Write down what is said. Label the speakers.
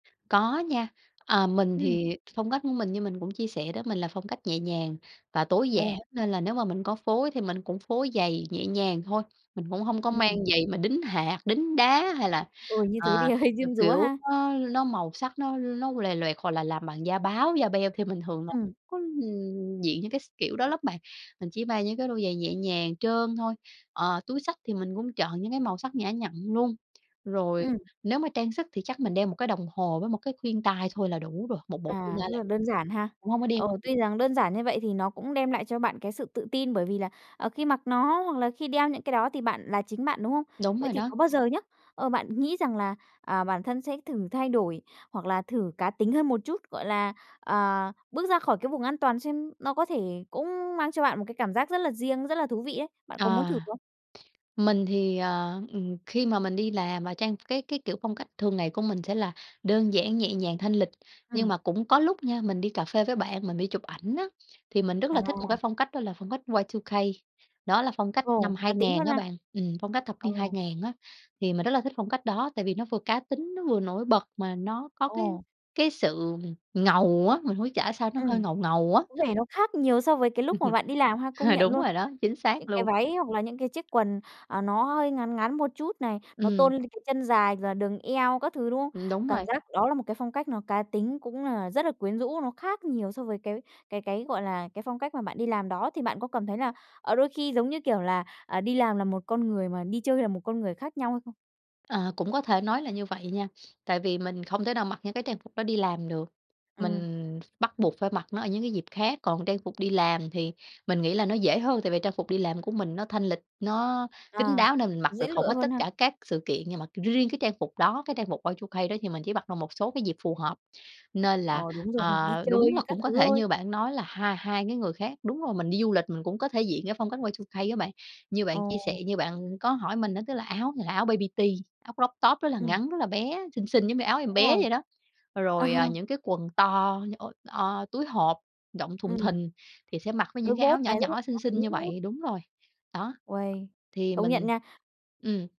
Speaker 1: Có nha. À, mình
Speaker 2: Ừm.
Speaker 1: thì phong cách của mình, như mình cũng chia sẻ đó, mình là phong cách nhẹ nhàng và tối
Speaker 2: Ờ.
Speaker 1: giản, nên là nếu mà mình có phối thì mình cũng phối giày nhẹ nhàng thôi. Mình cũng hông có
Speaker 2: Ừm.
Speaker 1: mang giày mà đính hạt, đính đá hay là,
Speaker 2: Ôi, như thế thì
Speaker 1: à,
Speaker 2: hơi
Speaker 1: ờ,
Speaker 2: diêm dúa
Speaker 1: kiểu,
Speaker 2: ha.
Speaker 1: nó nó màu sắc nó nó lòe loẹt, hoặc là làm bằng da báo, da beo thì mình thường là
Speaker 2: Ừm.
Speaker 1: có, ưm, diện những cái s kiểu đó lắm bạn. Mình chỉ mang những cái đôi giày nhẹ nhàng trơn thôi. Ờ, túi xách thì mình cũng chọn những cái màu sắc nhã nhặn luôn. Rồi
Speaker 2: Ừm.
Speaker 1: nếu mà trang sức thì chắc mình đeo một cái đồng hồ với một cái khuyên tai thôi là đủ rồi, một bộ khuyên
Speaker 2: À,
Speaker 1: tai
Speaker 2: rất
Speaker 1: là
Speaker 2: là
Speaker 1: đủ
Speaker 2: đơn giản ha.
Speaker 1: cũng hông có đeo
Speaker 2: Ờ,
Speaker 1: [unintelligible]
Speaker 2: tuy rằng đơn giản như vậy thì nó cũng đem lại cho bạn cái sự tự tin, bởi vì là, ờ, khi mặc nó hoặc là khi đeo những cái đó thì bạn là chính bạn, đúng không?
Speaker 1: Đúng
Speaker 2: Vậy
Speaker 1: rồi
Speaker 2: thì
Speaker 1: đó.
Speaker 2: có bao giờ nhá, ờ, bạn nghĩ rằng là, à, bản thân sẽ thử thay đổi hoặc là thử cá tính hơn một chút, gọi là, ờ, bước ra khỏi cái vùng an toàn xem nó có thể cũng mang cho bạn một cái cảm giác rất là riêng, rất là thú vị ấy. Bạn có muốn
Speaker 1: Ờ.
Speaker 2: thử không?
Speaker 1: Mình thì, ờ, ừm, khi mà mình đi làm và trang cái cái kiểu phong cách thường ngày của mình sẽ là đơn giản, nhẹ nhàng, thanh lịch. Nhưng
Speaker 2: Ừm.
Speaker 1: mà cũng có lúc nha, mình đi cà phê với bạn, mình đi chụp ảnh á, thì mình rất là thích một cái
Speaker 2: À!
Speaker 1: phong cách đó là phong cách Y2K, đó là phong cách
Speaker 2: Ồ,
Speaker 1: năm
Speaker 2: cá
Speaker 1: hai
Speaker 2: tính
Speaker 1: ngàn
Speaker 2: hơn
Speaker 1: á
Speaker 2: ha.
Speaker 1: bạn ừm, phong cách thập
Speaker 2: Ừ.
Speaker 1: niên 2000 á. Thì mình rất là thích phong cách đó tại vì nó vừa cá tính, nó vừa nổi bật mà nó có cái
Speaker 2: Ồ!
Speaker 1: cái sự ngầu á, mình hông biết trả sao nó
Speaker 2: Ừm,
Speaker 1: hơi ngầu ngầu á.
Speaker 2: có vẻ nó khác nhiều so với cái lúc mà bạn đi làm ha, công
Speaker 1: Ờ,
Speaker 2: nhận
Speaker 1: đúng
Speaker 2: luôn.
Speaker 1: rồi đó, chính xác
Speaker 2: Những cái
Speaker 1: luôn.
Speaker 2: váy hoặc là những cái chiếc quần, à, nó hơi ngắn ngắn một chút này, nó
Speaker 1: Ừm.
Speaker 2: tôn lên cái chân dài và đường eo các thứ, đúng không?
Speaker 1: Ừm, đúng
Speaker 2: Cảm
Speaker 1: rồi.
Speaker 2: giác đó là một cái phong cách nó cá tính cũng là rất là quyến rũ, nó khác nhiều so với cái cái cái, gọi là, cái phong cách mà bạn đi làm đó, thì bạn có cảm thấy là, ờ, đôi khi giống như kiểu là, ờ, đi làm là một con người mà đi chơi là một con người khác nhau hay không?
Speaker 1: Ờ, cũng có thể nói là như vậy nha. Tại vì mình không thể nào mặc những cái trang phục đó đi làm được,
Speaker 2: Ừm.
Speaker 1: mình bắt buộc phải mặc nó ở những cái dịp khác. Còn trang phục đi làm thì mình nghĩ là nó dễ hơn, tại vì trang phục đi làm của mình nó thanh lịch, nó kín
Speaker 2: À,
Speaker 1: đáo nên mình mặc
Speaker 2: dễ
Speaker 1: được hầu
Speaker 2: lựa
Speaker 1: hết
Speaker 2: hơn
Speaker 1: tất
Speaker 2: ha?
Speaker 1: cả các sự kiện. Nhưng mà riêng cái trang phục đó, cái trang phục Y2K đó thì mình chỉ mặc được một số cái dịp phù hợp, nên
Speaker 2: Ờ,
Speaker 1: là,
Speaker 2: đúng rồi, đi
Speaker 1: à, đúng là
Speaker 2: chơi các
Speaker 1: cũng có
Speaker 2: thứ
Speaker 1: thể
Speaker 2: thôi.
Speaker 1: như bạn nói là hai hai cái người khác đúng rồi, mình đi du lịch mình cũng có thể diện cái phong cách Y2K á bạn. Như
Speaker 2: Ồ.
Speaker 1: bạn chia sẻ như bạn có hỏi mình á, tức là áo thì là áo baby tea, áo croptop rất là
Speaker 2: Ừm.
Speaker 1: ngắn, rất là bé, xinh xinh giống như áo em
Speaker 2: Đúng
Speaker 1: bé
Speaker 2: rồi.
Speaker 1: vậy đó,
Speaker 2: Ờ.
Speaker 1: rồi, à, những cái quần như ôi, o, túi hộp rộng thùng
Speaker 2: Ừm.
Speaker 1: thình, thì sẽ mặc với
Speaker 2: Đôi
Speaker 1: những cái áo
Speaker 2: bốt
Speaker 1: nhỏ
Speaker 2: này rất là
Speaker 1: nhỏ xinh
Speaker 2: cá
Speaker 1: xinh
Speaker 2: tính
Speaker 1: như
Speaker 2: nữa.
Speaker 1: vậy đúng rồi. Đó,
Speaker 2: Uầy,
Speaker 1: thì
Speaker 2: công nhận
Speaker 1: mình
Speaker 2: nha.
Speaker 1: ừm.